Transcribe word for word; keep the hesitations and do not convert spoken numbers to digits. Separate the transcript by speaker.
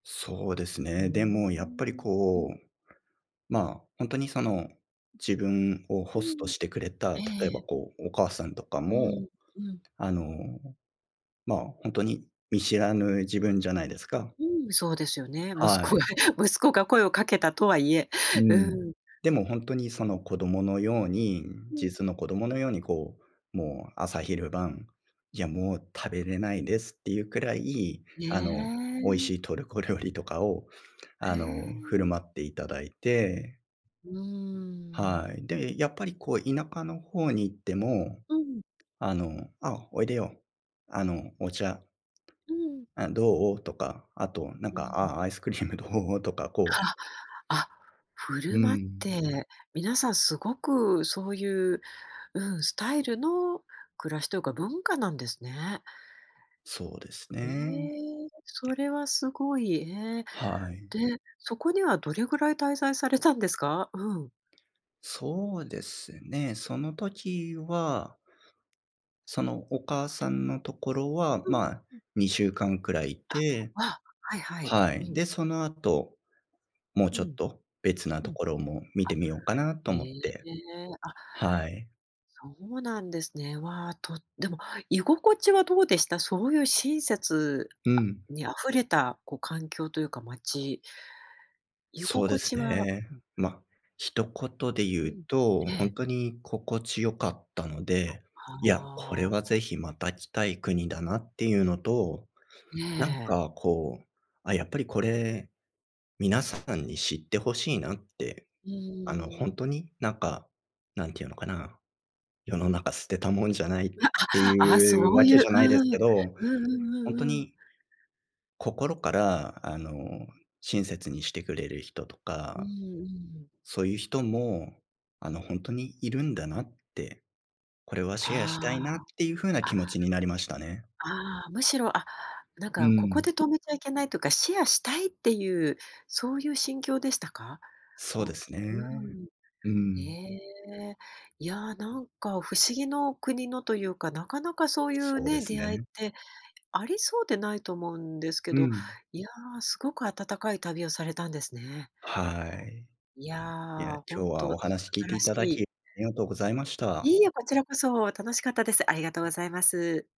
Speaker 1: そうです
Speaker 2: うー
Speaker 1: ね。でも、やっぱり
Speaker 2: ん、う
Speaker 1: こ
Speaker 2: ん。
Speaker 1: うま、本当にその、自分を
Speaker 2: う
Speaker 1: ホスト
Speaker 2: ん、
Speaker 1: してくれた、
Speaker 2: え
Speaker 1: 例えば、
Speaker 2: え。
Speaker 1: こう、お母さんとか
Speaker 2: う
Speaker 1: も、
Speaker 2: ん、うん。
Speaker 1: あの、ま、ほんとに見知らぬ自分じゃないですか？
Speaker 2: うん、そうですよね、息
Speaker 1: は
Speaker 2: 子が
Speaker 1: い。
Speaker 2: 息子が声を掛けたとは言え、
Speaker 1: うん。
Speaker 2: うん。
Speaker 1: でもほんとに、その、子供のように
Speaker 2: うん。
Speaker 1: 実の子供のように、こう、もう朝昼晩「いや、もう食べれないです」って言うくらい、
Speaker 2: え
Speaker 1: あの、美味
Speaker 2: え。
Speaker 1: しいトルコ料理とかを、
Speaker 2: へ
Speaker 1: あの、振る
Speaker 2: え。
Speaker 1: 舞って頂いて。
Speaker 2: うーん。
Speaker 1: はい。で、やっぱりこう田舎の方に行っても、
Speaker 2: うん。
Speaker 1: あの、「あ、おいでよ。あの、お茶」
Speaker 2: うーん。
Speaker 1: 「あ、どう？」とか、後何
Speaker 2: う
Speaker 1: か、
Speaker 2: ん。
Speaker 1: 「あ、アイスクリームどう？」とか、こう...
Speaker 2: あ、あ、振
Speaker 1: うー
Speaker 2: る舞っ
Speaker 1: ん。
Speaker 2: て、皆さん凄く、そう言う、うん、スタイルの暮らしというか、文化なんですね。
Speaker 1: そうです
Speaker 2: え
Speaker 1: ね。
Speaker 2: え、それは凄い、へえ、
Speaker 1: はい。
Speaker 2: で、そこにはどれぐらい滞在されたんですか？うん。
Speaker 1: そうですね、その時はその、お母さんの所は、
Speaker 2: うん、
Speaker 1: まあ、
Speaker 2: ん。
Speaker 1: にしゅうかん位居
Speaker 2: あ、
Speaker 1: て
Speaker 2: あ、はいはい。
Speaker 1: は
Speaker 2: う
Speaker 1: い、
Speaker 2: ん。
Speaker 1: で、その後、もう
Speaker 2: う
Speaker 1: ちょっ
Speaker 2: ん。
Speaker 1: と、別な
Speaker 2: うん。
Speaker 1: 所も見て
Speaker 2: あ、
Speaker 1: みようかなと
Speaker 2: へ
Speaker 1: 思っ
Speaker 2: え、
Speaker 1: て
Speaker 2: あ。
Speaker 1: はい。
Speaker 2: そうなんですね。わあ、とでも、居心地はどうでした？そう言う親切
Speaker 1: うん。
Speaker 2: に溢れた、こう環境というか、街居
Speaker 1: そう
Speaker 2: 心
Speaker 1: で
Speaker 2: 地
Speaker 1: す
Speaker 2: は
Speaker 1: ね。
Speaker 2: うん。
Speaker 1: ま、一言で言
Speaker 2: う
Speaker 1: う
Speaker 2: ん。
Speaker 1: と、
Speaker 2: え
Speaker 1: 本
Speaker 2: え。
Speaker 1: 当に心地良かったので、いや、これ
Speaker 2: あ、は
Speaker 1: は是
Speaker 2: あ。
Speaker 1: 非、また来たい国だなってゆうのと、
Speaker 2: え
Speaker 1: 何
Speaker 2: え。
Speaker 1: かこう、「あ、やっぱり、これ、皆さんに知って欲しいな」って、
Speaker 2: う
Speaker 1: あの、ほ
Speaker 2: ーん。
Speaker 1: んとに何か、何て言うのかな。世の中捨てたもんじゃないって
Speaker 2: わ、あ、あ、
Speaker 1: 言う
Speaker 2: そうい
Speaker 1: 訳じ
Speaker 2: う、
Speaker 1: ゃ
Speaker 2: う
Speaker 1: ないですけ
Speaker 2: ん、
Speaker 1: ど、
Speaker 2: うんう
Speaker 1: ほん
Speaker 2: ん
Speaker 1: と
Speaker 2: うんうん。
Speaker 1: に心から、あの、親切にして来れる人と
Speaker 2: うんう
Speaker 1: か、
Speaker 2: ん。
Speaker 1: そう言う人も、あのほんとに居るんだなって、これはシェアしたいな、っ
Speaker 2: あ
Speaker 1: て言う風な気持
Speaker 2: あ、
Speaker 1: ちになりましたね。
Speaker 2: あ、ああ、寧ろ、あ、何
Speaker 1: うー
Speaker 2: か、ここ
Speaker 1: ん。
Speaker 2: で止めちゃいけないとか、シェアしたいっていう、そういう心境でしたか？
Speaker 1: そう
Speaker 2: こ
Speaker 1: です
Speaker 2: うう
Speaker 1: ね。
Speaker 2: ん。
Speaker 1: うー
Speaker 2: え
Speaker 1: ん。
Speaker 2: え、いや、何か、不思議の国のとゆうか、中々そう言う
Speaker 1: そうで
Speaker 2: ね、
Speaker 1: す
Speaker 2: 出会いっ
Speaker 1: ね。
Speaker 2: て、ありそうでないと思うんですけ
Speaker 1: う
Speaker 2: ど、
Speaker 1: ん。
Speaker 2: いや、凄く温かい旅をされたんですね。
Speaker 1: はい。
Speaker 2: い
Speaker 1: いや、
Speaker 2: や、
Speaker 1: 今
Speaker 2: 本
Speaker 1: 日はお
Speaker 2: 当、素
Speaker 1: 話聞い
Speaker 2: 晴
Speaker 1: て
Speaker 2: らし
Speaker 1: 頂
Speaker 2: い。
Speaker 1: き、ありがとうございまし
Speaker 2: い
Speaker 1: た。
Speaker 2: いえ、こちらこそ、楽しかったです、ありがとうございます。